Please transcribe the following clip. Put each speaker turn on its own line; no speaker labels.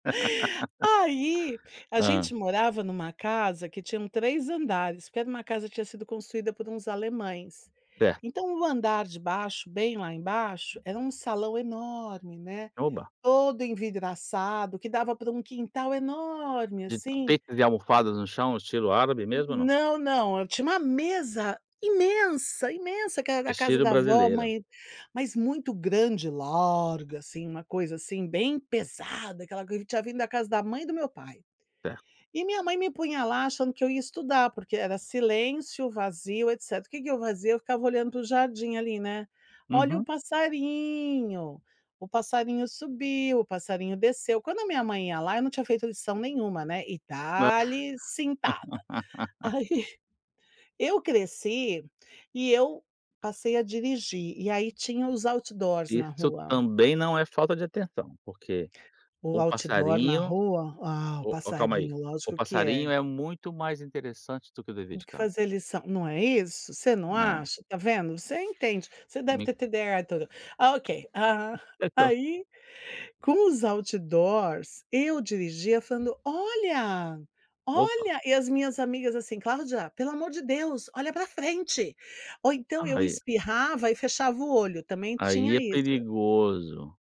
Aí, a
Hã.
gente morava numa casa que tinham 3 andares, porque era uma casa que tinha sido construída por uns alemães.
Certo.
Então o andar de baixo, bem lá embaixo, era um salão enorme, né,
Oba.
todo envidraçado, que dava para um quintal enorme,
De
assim.
tapetes e almofadas no chão, estilo árabe mesmo, ou não?
Não, não. Eu tinha uma mesa imensa, imensa que era a casa
Estilo
da vó,
brasileiro.
mãe mas muito grande e larga, assim, uma coisa, assim, bem pesada. Aquela coisa que tinha vindo da casa da mãe do meu pai.
Certo.
E minha mãe me punha lá achando que eu ia estudar, porque era silêncio, vazio, etcétera. Que que eu fazia? Eu ficava olhando para o jardim, ali, né. Olha o
Uhum.
passarinho, o passarinho subiu, o passarinho desceu. Quando a minha mãe ia lá, eu não tinha feito lição nenhuma, né, e
A
dale cintada. Aí, eu cresci e eu passei a dirigir. E aí, tinha os outdoors na
Isso
rua.
também não é falta de atenção, porque
O
o
outdoor na
passarinho,
rua? Ah, o
o calma aí,
passarinho,
o
lógico que é.
passarinho é muito mais interessante do que o dever
Do
de
que
casa.
fazer lição. Não é isso? Você não
É.
acha? Tá vendo. Você entende. Você deve
Me
ter TDAH. [unintelligible] Ah, ok, ah,
Então.
aí com os outdoors, eu dirigia falando: "Olha,
Opa.
olha". E as minhas amigas assim: "Cláudia, pelo amor de Deus, olha para frente". Ou então eu
Ai.
espirrava e fechava o olho, também tinha
Aí é
isso.
perigoso.